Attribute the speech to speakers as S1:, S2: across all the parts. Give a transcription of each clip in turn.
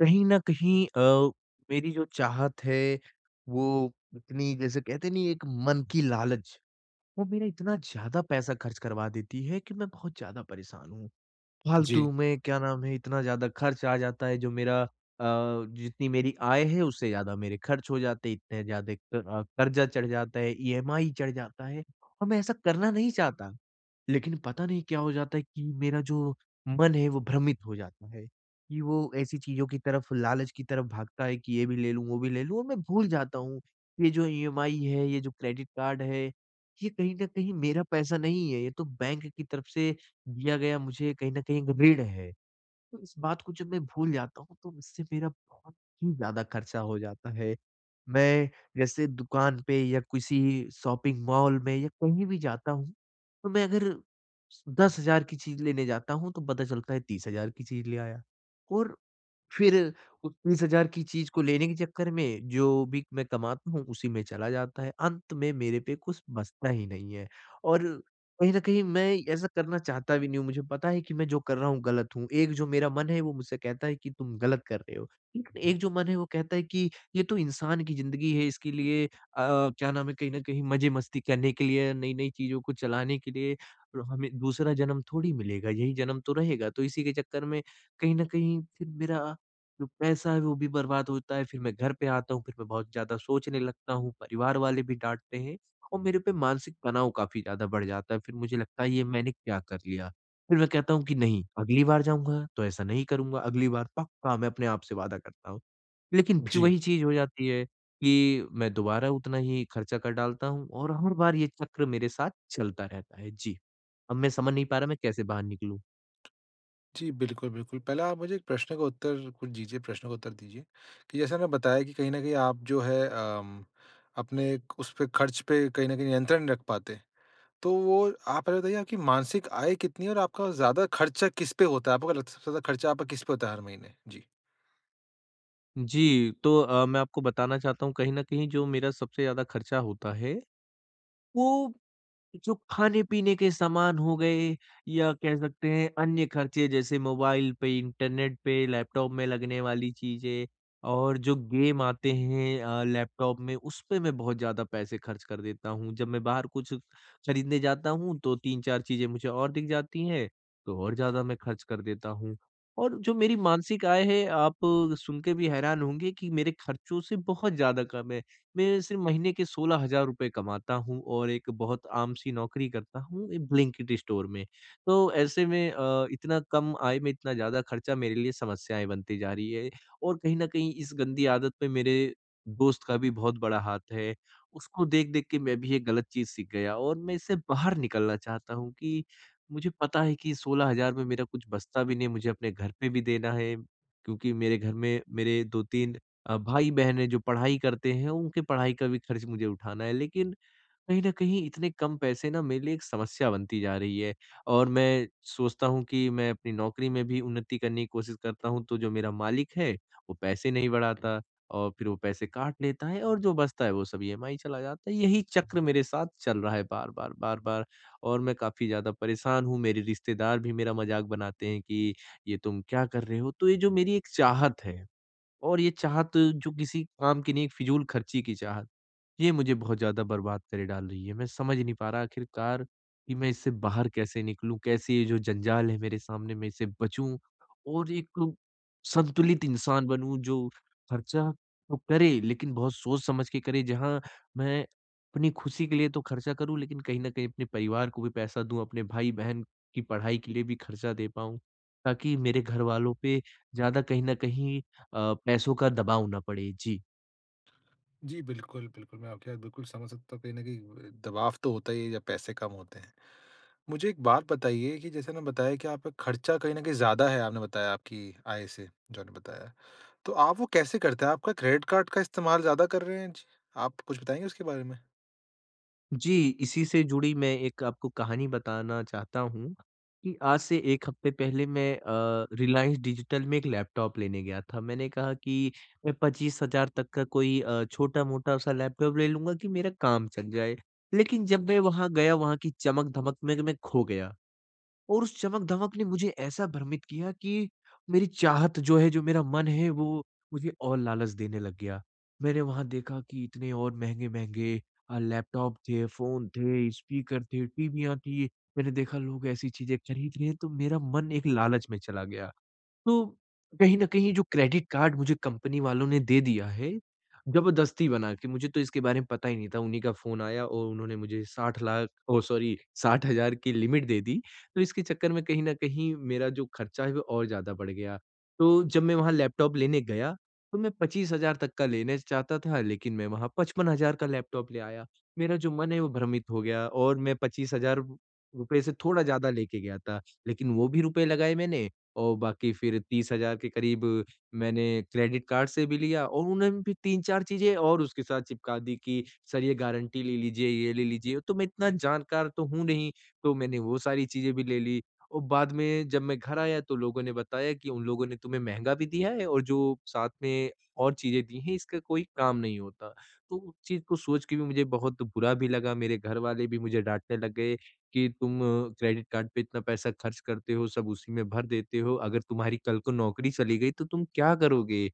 S1: कहीं न कहीं अ, मेरी जो चाहत है वो इतनी जैसे कहते नहीं एक मन की लालच। वो मेरा इतना ज़्यादा पैसा खर्च करवा देती है कि मैं बहुत ज़्यादा परेशान हूँ।
S2: जी।
S1: फालतू में, क्या नाम है इतना ज़्यादा खर्च आ जाता है जो मेरा अ, जितनी मेरी आय है, उससे ज़्यादा मेरे खर्च हो जाते हैं इतने ज़्यादा क अ, कर्ज़ा चढ़ जाता है, ईएमआई चढ़ जाता है। और मैं ऐसा करना नहीं चाहता। लेकिन पता नहीं क्या हो जाता है कि मेरा जो मन है वो भ्रमित हो जाता है। कि वो ऐसी चीज़ों की तरफ लालच की तरफ भागता है कि ये भी ले लूँ, वो भी ले लूँ और मैं भूल जाता हूँ कि ये जो ईएमआई है, ये जो क्रेडिट कार्ड है ये कहीं न कहीं मेरा पैसा नहीं है। ये तो बैंक की तरफ से दिया गया मुझे कहीं न कहीं एक ऋण है। तो इस बात को जब मैं भूल जाता हूँ तो उससे मेरा बहुत ही ज़्यादा खर्चा हो जाता है। मैं जैसे दुकान पे या किसी शॉपिंग मॉल में या कहीं भी जाता हूँ। तो मैं अगर 10000 की चीज़ लेने जाता हूँ तो पता चलता है 30000 की चीज़ ले आया। और फिर उस 30000 की चीज़ को लेने के चक्कर में जो भी मैं कमाता हूँ उसी में चला जाता है। अंत में मेरे पे कुछ बचता ही नहीं है और कहीं न कहीं मैं ऐसा करना चाहता भी नहीं हूँ। मुझे पता है कि मैं जो कर रहा हूँ गलत हूँ। एक जो मेरा मन है वो मुझसे कहता है कि तुम गलत कर रहे हो। एक जो मन है वो कहता है कि ये तो इंसान की ज़िंदगी है इसके लिए अ, क्या नाम है कहीं न कहीं मज़े मस्ती करने के लिए नई-नई चीज़ों को चलाने के लिए और हमें दूसरा जन्म थोड़ी मिलेगा, यही जन्म तो रहेगा। तो इसी के चक्कर में कहीं न कहीं फिर मेरा जो पैसा है, वो भी बर्बाद होता है फिर मैं घर पे आता हूँ फिर मैं बहुत ज़्यादा सोचने लगता हूँ, परिवार वाले भी डाँटते हैं और मेरे पे मानसिक तनाव काफ़ी ज़्यादा बढ़ जाता है फिर मुझे लगता है ये मैंने क्या कर लिया। फिर मैं कहता हूँ कि नहीं अगली बार जाऊँगा तो ऐसा नहीं करूँगा, अगली बार पक्का मैं अपने आप से वादा करता हूँ। लेकिन फिर
S2: जी।
S1: वही चीज़ हो जाती है कि मैं दोबारा उतना ही खर्चा कर डालता हूँ और हर बार ये चक्र मेरे साथ चलता रहता है, जी। अब मैं समझ नहीं पा रहा मैं कैसे बाहर निकलूँ?
S2: जी, बिल्कुल, बिल्कुल, पहले आप मुझे एक प्रश्न का उत्तर कुछ दीजिए, प्रश्न का उत्तर दीजिए कि जैसा आपने बताया कि कहीं न कहीं आप जो है अम, अपने क उस पे खर्च पे कहीं न कहीं नियंत्रण नहीं रख पाते। तो वो आप पहले बताइए आपकी मासिक आय कितनी है और आपका ज़्यादा खर्चा किस पे होता है? आपको क्या लगता है सबसे ज़्यादा खर्चा आपका किस पे होता है हर महीने? जी।
S1: जी, तो अ, मैं आपको बताना चाहता हूँ कहीं न कहीं जो मेरा सबसे ज़्यादा खर्चा होता है, वो जो खाने-पीने के सामान हो गए या कह सकते हैं अन्य खर्चे जैसे मोबाइल पे, इंटरनेट पे, लैपटॉप में लगने वाली चीज़ें और जो गेम आते हैं अ, लैपटॉप में उसपे मैं बहुत ज़्यादा पैसे खर्च कर देता हूँ, जब मैं बाहर कुछ खरीदने जाता हूँ तो 3-4 चीज़ें मुझे और दिख जाती है, तो और ज़्यादा मैं खर्च कर देता हूँ। और जो मेरी मासिक आय है आप सुन के भी हैरान होंगे कि मेरे खर्चों से बहुत ज़्यादा कम है। मैं सिर्फ़ महीने के 16 हज़ार रुपए कमाता हूँ और एक बहुत आम सी नौकरी करता हूँ एक ब्लिंकिट स्टोर में, तो ऐसे में अ, इतना कम आय में इतना ज़्यादा खर्चा मेरे लिए समस्याएँ बनती जा रही है और कहीं न कहीं इस गंदी आदत पे मेरे दोस्त का भी बहुत बड़ा हाथ है। उसको देख-देख के मैं भी ये गलत चीज़ सीख गया और मैं इसे बाहर निकलना चाहता हूँ कि, मुझे पता है कि 16 हज़ार में मेरा कुछ बचता भी नहीं है मुझे अपने घर पे भी देना है। क्योंकि मेरे घर में मेरे 2-3 अ, भाई-बहन हैं जो पढ़ाई करते हैं उनके पढ़ाई का भी खर्च मुझे उठाना है, लेकिन कहीं न कहीं इतने कम पैसे ना मेरे लिए एक समस्या बनती जा रही है। और मैं सोचता हूँ कि मैं अपनी नौकरी में भी उन्नति करने की कोशिश करता हूँ तो जो मेरा मालिक है, वो पैसे नहीं बढ़ाता और फिर वो पैसे काट लेता है और जो बचता है वो सब ईएमआई चला जाता है, यही चक्र मेरे साथ चल रहा है बार-बार, बार-बार और मैं काफ़ी ज़्यादा परेशान हूँ, मेरे रिश्तेदार भी मेरा मज़ाक बनाते हैं कि ये तुम क्या कर रहे हो? तो ये जो मेरी एक चाहत है। और ये चाहत जो किसी काम की नहीं है एक फिजूल खर्ची की चाहत, ये मुझे बहुत ज़्यादा बर्बाद करे डाल रही है, मैं समझ नहीं पा रहा आखिरकार कि मैं इससे बाहर कैसे निकलूँ? कैसे ये जो जंजाल है मेरे सामने मैं इससे बचूँ? और एक संतुलित इंसान बनूँ जो खर्चा तो करे लेकिन बहुत सोच-समझ के करे जहाँ मैं अपनी खुशी के लिए तो खर्चा करूँ लेकिन कहीं न कहीं अपने परिवार को भी पैसा दूँ अपने भाई-बहन की पढ़ाई के लिए भी खर्चा दे पाऊँ, ताकि मेरे घरवालों पे ज़्यादा कहीं न कहीं अ, पैसों का दबाव ना पड़े। जी।
S2: जी बिल्कुल, बिल्कुल। मैं आपकी बात बिल्कुल समझ सकता हूँ कहीं न कहीं दबाव तो होता ही है जब पैसे कम होते हैं। मुझे एक बात बताइए कि जैसे ना बताया कि आपका खर्चा कहीं न कहीं ज़्यादा है आपने बताया आपकी आय से जो आपने बताया। तो आप वो कैसे करते हैं? आपका क्रेडिट कार्ड का इस्तेमाल ज़्यादा कर रहे हैं? जी आप कुछ बताएँगे उसके बारे में?
S1: जी, इसी से जुड़ी मैं एक आपको कहानी बताना चाहता हूँ कि आज से 1 हफ़्ते पहले मैं अ, रिलायंस डिजिटल में एक लैपटॉप लेने गया था। मैंने कहा कि अ, 25,000 तक का कोई अ, छोटा-मोटा-सा लैपटॉप ले लूँगा कि मेरा काम चल जाए लेकिन जब मैं वहाँ गया वहाँ की चमक-धमक में मैं खो गया और उस चमक-धमक ने मुझे ऐसा भ्रमित किया कि मेरी चाहत जो है जो मेरा मन है वो मुझे और लालच देने लग गया। मैंने वहाँ देखा कि इतने और महँगे-महँगे अ, लैपटॉप थे, फ़ोन थे, स्पीकर थे, टीवी या थी। मैंने देखा लोग ऐसी चीज़ें खरीद रहे हैं तो मेरा मन एक लालच में चला गया, तो कहीं न कहीं जो क्रेडिट कार्ड मुझे कंपनी वालों ने दे दिया है। जबरदस्ती बना के मुझे तो इसके बारे में पता ही नहीं था उन्हीं का फ़ोन आया और उन्होंने मुझे 60 लाख ओ सॉरी 60,000 की लिमिट दे दी तो इसके चक्कर में कहीं न कहीं मेरा जो खर्चा है वो और ज़्यादा बढ़ गया। तो जब मैं वहाँ लैपटॉप लेने गया तो मैं 25,000 तक का लेने चाहता था लेकिन मैं वहाँ 55,000 का लैपटॉप ले आया मेरा जो मन है। वो भ्रमित हो गया और मैं 25,000 रु रुपए से थोड़ा ज़्यादा लेके गया था लेकिन वो भी रुपए लगाएँ मैंने और बाकी फिर 30,000 के क़रीब मैंने क्रेडिट कार्ड से भी लिया और उन्होंने भी 3-4 चीज़ें और उसके साथ चिपका दीं कि सर ये गारंटी ले लीजिए ये ले लीजिए। तो मैं इतना जानकार तो हूँ नहीं तो मैंने वो सारी चीज़ें भी ले ली और बाद में जब मैं घर आया तो लोगों ने बताया कि उन लोगों ने तुम्हें महँगा भी दिया है और जो साथ में और चीज़ें दी हैं इसका कोई काम नहीं होता तो उस चीज़ को सोच के भी मुझे बहुत बुरा भी लगा। मेरे घरवाले भी मुझे डाँटने लग गए कि, "तुम क्रेडिट कार्ड पे इतना पैसा ख़र्च करते हो सब उसी में भर देते हो अगर तुम्हारी कल को नौकरी चली गई, तो तुम क्या करोगे?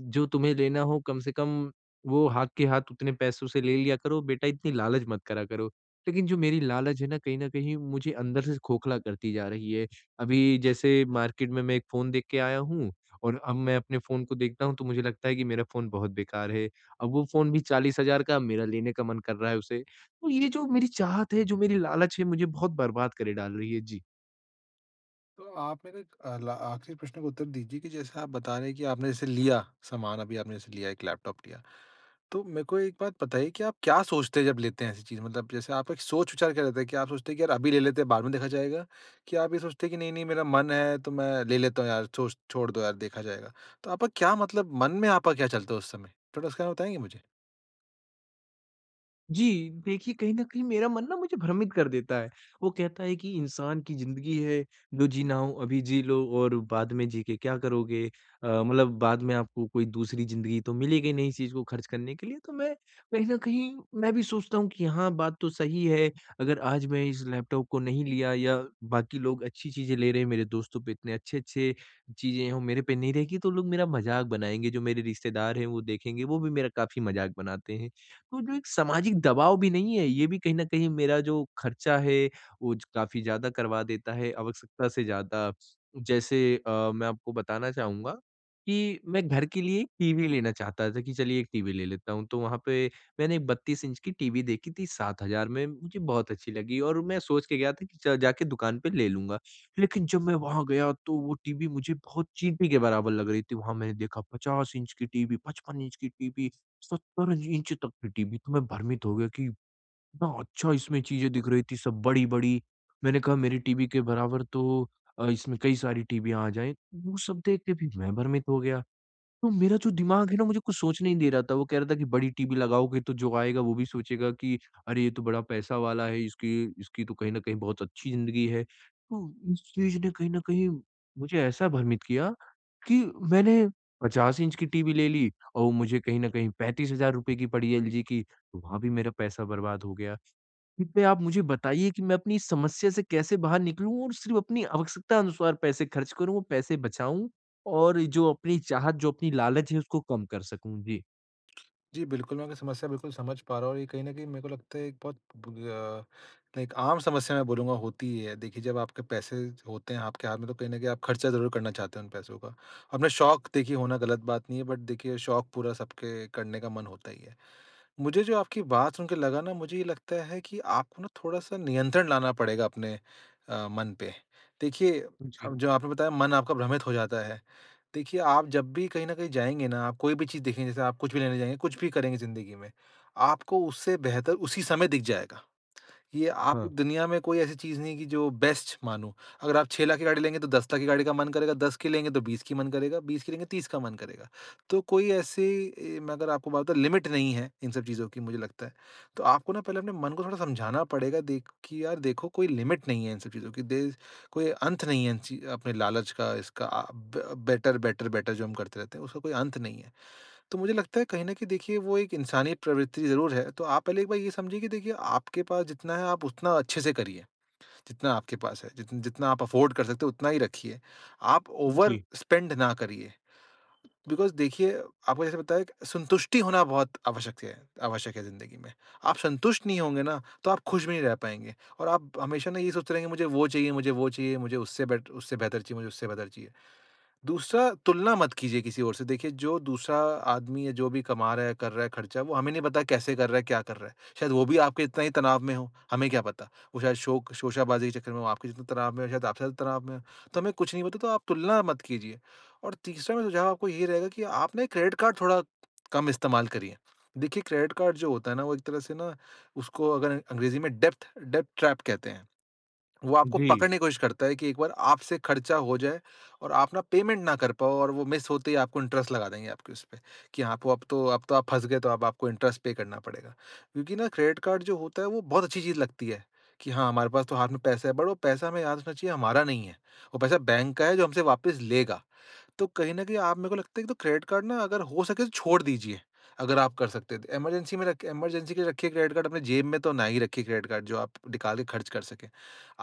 S1: जो तुम्हें लेना हो कम से कम वो हाथ के हाथ उतने पैसों से ले लिया करो बेटा इतनी लालच मत करा करो।" लेकिन जो मेरी लालच है ना कहीं न कहीं मुझे अंदर से खोखला करती जा रही है। अभी जैसे मार्केट में मैं एक फ़ोन देख के आया हूँ और अब मैं अपने फ़ोन को देखता हूँ तो मुझे लगता है कि मेरा फ़ोन बहुत बेकार है। अब वो फ़ोन भी 40,000 का मेरा लेने का मन कर रहा है उसे तो ये जो मेरी चाहत है जो मेरी लालच है मुझे बहुत बर्बाद करे डाल रही है। जी।
S2: तो आप मेरा अ, ल आखिरी प्रश्न का उत्तर दीजिए कि जैसे आप बता रहे हैं कि आपने जैसे लिया सामान अभी आपने जैसे लिया एक लैपटॉप लिया। तो मेरे को एक बात बताइए कि आप क्या सोचते हैं जब लेते हैं ऐसी चीज़ मतलब जैसे आपका एक सोच-विचार क्या रहता है? क्या आप सोचते हैं कि यार अभी ले लेते हैं बाद में देखा जाएगा? कि आप ये सोचते हैं कि नहीं-नहीं मेरा मन है तो मैं ले लेता हूँ यार छो छोड़ दो यार देखा जाएगा। तो आपका क्या मतलब मन में आपका क्या चलता है उस समय? थोड़ा उसका बताएँगे मुझे?
S1: जी, देखिए, कहीं न कहीं मेरा मन ना मुझे भ्रमित कर देता है। वो कहता है कि इंसान की ज़िंदगी है, जो जीना हो अभी जी लो और बाद में जी के क्या करोगे? अ, मतलब बाद में आपको कोई दूसरी ज़िंदगी तो मिलेगी नहीं इस चीज़ को खर्च करने के लिए तो मैं कहीं न कहीं मैं भी सोचता हूँ कि हाँ बात तो सही है, अगर आज मैं इस लैपटॉप को नहीं लिया, या बाकी लोग अच्छी चीज़ें ले रहे हैं मेरे दोस्तों पे इतने अच्छे-अच्छे चीज़ें हैं वो मेरे पे नहीं रहेंगी तो लोग मेरा मज़ाक बनाएँगे जो मेरे रिश्तेदार हैं वो देखेंगे वो भी मेरा काफ़ी मज़ाक बनाते हैं। तो जो एक सामाजिक दबाव भी नहीं है ये भी कहीं न कहीं मेरा जो खर्चा है वो ज काफ़ी ज़्यादा करवा देता है आवश्यकता से ज़्यादा जैसे अ, मैं आपको बताना चहूँगा, कि मैं घर के लिए एक टीवी लेना चाहता था कि चलिए एक टीवी ले लेता हूँ तो वहाँ पे मैंने 32 इंच की टीवी देखी थी 7,000 में मुझे बहुत अच्छी लगी और मैं सोच के गया था कि च जाके दुकान पे ले लूँगा। लेकिन जब मैं वहाँ गया तो वो टीवी मुझे बहुत चींटी के बराबर लग रही थी, वहाँ मैंने देखा 50 इंच की टीवी 55 इंच की टीवी 70 इंच तक के टीवी तो मैं भ्रमित हो गया कि हाँ, अच्छा इसमें चीज़ें दिख रही थी सब बड़ी-बड़ी। मैंने कहा मेरी टीवी के बराबर तो अ, इसमें कई सारी टीवी आ जाएँ, वो सब देख के भी मैं भ्रमित हो गया। तो मेरा जो दिमाग है ना मुझे कुछ सोचने ही नहीं दे रहा था वो कह रहा था कि बड़ी टीवी लगाओगे तो जो आएगा वो भी सोचेगा कि, अरे! ये तो बड़ा पैसा वाला है इसकी इसकी तो कहीं न कहीं बहुत अच्छी ज़िंदगी है। तो उस चीज़ ने कहीं ना कहीं मुझे ऐसा भ्रमित किया। कि मैंने 50 इंच की टीवी ले ली और वो मुझे कहीं न कहीं ₹35,000 की पड़ी है एलजी की वहाँ भी मेरा पैसा बर्बाद हो गया। इस पे आप मुझे बताइए कि मैं अपनी समस्या से कैसे बाहर निकलूँ और सिर्फ़ अपनी आवश्यकता अनुसार पैसे खर्च करूँ और पैसे बचाऊँ? और ये जो अपनी चाहत जो अपनी लालच है उसको कम कर सकूँ। जी।
S2: जी बिल्कुल मैं आपकी समस्या बिल्कुल समझ पा रहा हूँ और ये कहीं न कहीं मेरे को लगता है एक बहुत बु अ लाइक एक आम समस्या मैं बोलूँगा होती ही है। देखिए जब आपके पैसे होते हैं आपके हाथ में, तो कहीं न कहीं आप खर्चा ज़रूर करना चाहते हैं उन पैसों का। अपने शौक देखिए होना गलत बात नहीं है बट देखिए शौक पूरा सबके करने का मन होता ही है। मुझे जो आपकी बात सुन के लगा ना मुझे ये लगता है कि आपको ना थोड़ा-सा नियंत्रण लाना पड़ेगा अपने अ, मन पे। देखिए
S1: उ, जी।
S2: अब जो आपने बताया मन आपका भ्रमित हो जाता है। देखिए आप जब भी कहीं न कहीं जाएँगे ना आप कोई भी चीज़ देखें जैसे आप कुछ भी लेने जाएँगे कुछ भी करेंगे ज़िंदगी में आपको उससे बेहतर उसी समय दिख जाएगा। ये आप
S1: हाँ।
S2: दुनिया में कोई ऐसी चीज़ नहीं है कि जो बेस्ट मानों। अगर आप 6 लाख की गाड़ी लेंगे तो 10 लाख की गाड़ी का मन करेगा, 10 की लेंगे तो 20 की मन करेगा। 20 की लेंगे 30 का मन करेगा। तो कोई ऐसे ए मैं अगर आपको बात बताऊँ लिमिट नहीं है इन सब चीज़ों की मुझे लगता है। तो आपको ना पहले अपने मन को थोड़ा समझाना पड़ेगा देख कि यार देखो कोई लिमिट नहीं है इन सब चीज़ों की। दे कोई अंत नहीं है इन चीज़ अपने लालच का इसका अ, ब बेटर-बेटर, बेटर जो हम करते रहते हैं, उसका कोई अंत नहीं है। तो मुझे लगता है कहीं न कहीं देखिए वो एक इंसानी प्रवृत्ति ज़रूर है। तो आप पहले एक बार ये समझिए कि देखिए आपके पास जितना है आप उतना अच्छे से करिए। जितना आपके पास है, जित जितना आप अफोर्ड कर सकते हैं उतना ही रखिए। आप
S1: उ, जी।
S2: ओवर-स्पेंड ना करिए। बिकॉज़ देखिए, आपको जैसे बताया कि संतुष्टि होना बहुत आवश्यकत है, आवश्यक है ज़िंदगी में। आप संतुष्ट नहीं होंगे ना, तो आप खुश भी नहीं रह पाएँगे और आप हमेशा ना ये सोचते रहेंगे, मुझे वो चाहिए मुझे वो चाहिए, मुझे उससे बेटर उससे बेहतर चीज़ है, मुझे उससे बेहतर चीज़ है। दूसरा तुलना मत कीजिए किसी और से। देखिए जो दूसरा आदमी या जो भी कमा रहा है, कर रहा है, खर्चा वो हमें नहीं पता कैसे कर रहा है, क्या कर रहा है। शायद वो भी आपके जितना ही तनाव में हो, हमें क्या पता? वो शायद शौक शोशाबाजी के चक्कर में हो, आपके जितने तनाव में हो, शायद आपसे ज़्यादा तनाव में हो। तो हमें कुछ नहीं पता तो आप तुलना मत कीजिए। और तीसरा मेरा सुझाव आपको यही रहेगा कि आप ना ये क्रेडिट कार्ड थोड़ा कम इस्तेमाल करिए। देखिए क्रेडिट कार्ड जो होता है ना, वो एक तरह से ना उसको अगर अ अंग्रेज़ी में डेप्थ-डेप्थ ट्रैप कहते हैं। वो आपको
S1: जी।
S2: पकड़ने की कोशिश करता है कि एक बार आपसे खर्चा हो जाए और आप ना पेमेंट ना कर पाओ और वो मिस होते ही आपको इंटरेस्ट लगा देंगे आपके उसपे कि हाँ आप अब तो अब तो आप फँस गए तो अब आपको इंटरेस्ट पे करना पड़ेगा। क्योंकि ना क्रेडिट कार्ड जो होता है वो बहुत अच्छी चीज़ लगती है। कि हाँ, हमारे पास तो हाथ में पैसे हैं बट वो पैसा हमें याद रखना चाहिए हमारा नहीं है। वो पैसा बैंक का है जो हमसे वापस लेगा। तो कहीं न कहीं आप मेरे को लगता है कि तो क्रेडिट कार्ड ना अगर हो सके छोड़ दीजिए। अगर आप कर सकते हैं तो इमरजेंसी में रखे इमरजेंसी के लिए रखिए क्रेडिट कार्ड। अपने जेब में तो ना ही रखिए क्रेडिट कार्ड जो आप निकाल के खर्च कर सकें।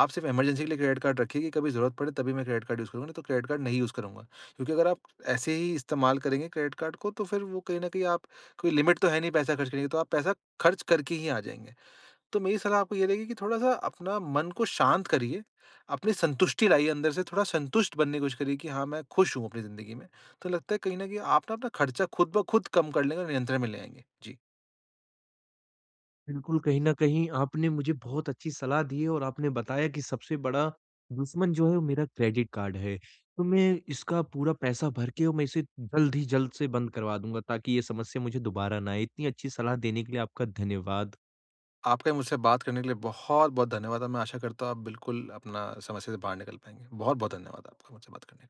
S2: आप सिर्फ़ इमरजेंसी के लिए क्रेडिट कार्ड रखिए कि कभी ज़रूरत पड़े तभी मैं क्रेडिट कार्ड यूज़ करूँगा नहीं तो क्रेडिट कार्ड नहीं यूज़ करूँगा। क्योंकि अगर आप ऐसे ही इस्तेमाल करेंगे क्रेडिट कार्ड को तो फिर वो कहीं न कहीं आप कोई लिमिट तो है नहीं पैसा खर्च करने की, तो आप पैसा खर्च करके ही आ जाएँगे। तो मेरी सलाह आपको ये रहेगी कि थोड़ा-सा अपना मन को शांत करिए। अपनी संतुष्टि लाइए अंदर से थोड़ा संतुष्ट बनने की कोशिश करिए कि हाँ मैं खुश हूँ, अपनी ज़िंदगी में। तो लगता है कहीं न कहीं आप ना अपना खर्चा खुद ब खुद कम कर लेंगे और नियंत्रण में ले आएँगे। जी।
S1: बिल्कुल कहीं न कहीं आपने मुझे बहुत अच्छी सलाह दी है और आपने बताया कि सबसे बड़ा दुश्मन जो है वो मेरा क्रेडिट कार्ड है। तो मैं इसका पूरा पैसा भर के और मैं इसे जल्द ही जल्द से बंद करवा दूँगा, ताकि ये समस्या मुझे दोबारा ना आए। इतनी अच्छी सलाह देने के लिए आपका धन्यवाद।
S2: आपका ये मुझसे बात करने के लिए बहुत-बहुत धन्यवाद। और मैं आशा करता हूँ आप बिल्कुल अपना समस्या से बाहर निकल पाएँगे। बहुत-बहुत धन्यवाद आपका मुझसे बात करने के लिए।